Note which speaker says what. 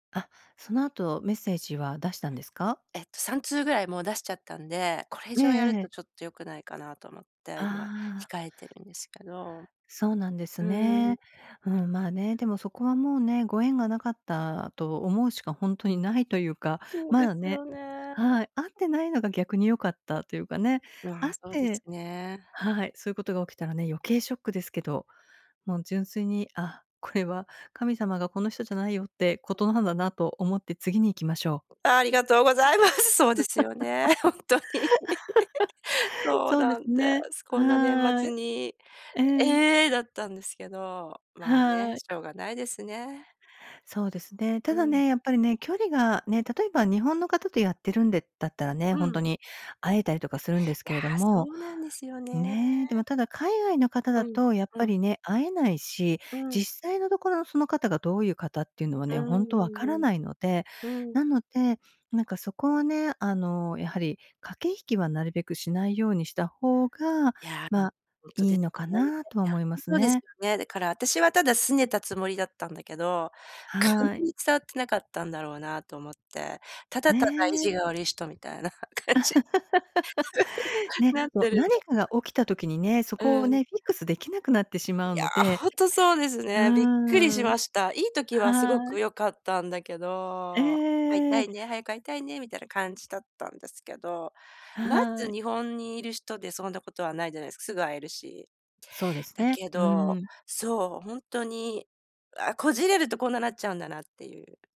Speaker 1: あ、そのあとメッセージは出したんですか？
Speaker 2: えっと、3通ぐらいもう出しちゃったんで、これ以
Speaker 1: ええ
Speaker 2: 上やる
Speaker 1: え
Speaker 2: と
Speaker 1: え。
Speaker 2: ちょっと良くないかなと思って、今
Speaker 1: ああ。
Speaker 2: 控えてるんですけど。
Speaker 1: そうなんです
Speaker 2: うーん。
Speaker 1: ね。うん、まあ、ね、でもそこはもうね、ご縁がなかったと思うしかほんとにないというか、
Speaker 2: そう
Speaker 1: ま
Speaker 2: で
Speaker 1: だ
Speaker 2: す
Speaker 1: ね
Speaker 2: よね。
Speaker 1: はい、会ってないのが逆に良かったというかね、
Speaker 2: わ、
Speaker 1: 会っ
Speaker 2: そうです
Speaker 1: て
Speaker 2: ね。
Speaker 1: はい、そういうことが起きたらね、余計ショックですけど、もう純粋に、あ、これは神様が「この人じゃないよ」ってことなんだなと思って、次に行きましょう。
Speaker 2: ありがとうございます。そうですよね、ほんとに。そう
Speaker 1: そうで
Speaker 2: な
Speaker 1: す
Speaker 2: んで
Speaker 1: ね、
Speaker 2: す、こんな年
Speaker 1: は
Speaker 2: 末
Speaker 1: い。
Speaker 2: に
Speaker 1: ええ。
Speaker 2: 「ええ！」だったんですけど、まあね、
Speaker 1: はい。
Speaker 2: しょうがないですね。
Speaker 1: そうですね。
Speaker 2: う
Speaker 1: ただ
Speaker 2: ん。
Speaker 1: ね、やっぱりね、距離が、ね、例えば日本の方とやってるんでだったらね、
Speaker 2: う
Speaker 1: ほんと
Speaker 2: ん。
Speaker 1: に会えたりとかするんです
Speaker 2: いや、
Speaker 1: けれど
Speaker 2: そ
Speaker 1: も、
Speaker 2: うなんですよ
Speaker 1: ね、で
Speaker 2: ね。
Speaker 1: もただ、海外の方
Speaker 2: う
Speaker 1: だ
Speaker 2: ん、
Speaker 1: と、やっ
Speaker 2: う
Speaker 1: ぱ
Speaker 2: ん。
Speaker 1: りね、会えないし、
Speaker 2: うん。
Speaker 1: 実際のところのその方がどういう方っていうのは
Speaker 2: う
Speaker 1: ね、
Speaker 2: ん、
Speaker 1: ほんと
Speaker 2: う
Speaker 1: 分
Speaker 2: ん
Speaker 1: か
Speaker 2: う
Speaker 1: ら
Speaker 2: ん。
Speaker 1: ないので、
Speaker 2: うん。
Speaker 1: なので、なんかそこはね、あの、やはり、駆け引きはなるべくしないようにした方が、
Speaker 2: いや、も、
Speaker 1: まあ、
Speaker 2: ほんと
Speaker 1: い
Speaker 2: で
Speaker 1: い
Speaker 2: ね、
Speaker 1: のかなとは
Speaker 2: や、
Speaker 1: 思いま
Speaker 2: う
Speaker 1: す
Speaker 2: そうです
Speaker 1: ね。
Speaker 2: よね。だから、あたしはただ拗ねたつもりだったんだけど、かん
Speaker 1: はい。
Speaker 2: 伝わってなかったんだろうなと思って、ただただ意
Speaker 1: ね。
Speaker 2: 地が悪い人みたいな感じ
Speaker 1: ね、
Speaker 2: なっ
Speaker 1: そう、
Speaker 2: てるんだ
Speaker 1: 何かが起きた時にね、そ
Speaker 2: ろ
Speaker 1: こ
Speaker 2: な。
Speaker 1: を
Speaker 2: うん。い
Speaker 1: ね、フィックスできなくなってしまうの
Speaker 2: や、
Speaker 1: で、
Speaker 2: ほんとそうです
Speaker 1: う
Speaker 2: ね、びっくりし
Speaker 1: ーん。
Speaker 2: ました。いい時はすご
Speaker 1: は
Speaker 2: く
Speaker 1: い。
Speaker 2: 良かったんだけ
Speaker 1: ええええ
Speaker 2: ど「会い
Speaker 1: えええ
Speaker 2: たい
Speaker 1: え。
Speaker 2: ね、早く会いたいね」みたいな感じだったんですけど、ま
Speaker 1: は
Speaker 2: ず
Speaker 1: い。
Speaker 2: 日本にいる人でそんなことはないじゃないすか、すぐ会えるし。
Speaker 1: そうです
Speaker 2: だ
Speaker 1: ね、
Speaker 2: け
Speaker 1: うー
Speaker 2: ど、
Speaker 1: ん。
Speaker 2: そう、ほんとに、あ、こじれるとこんななっちゃうんだなっていう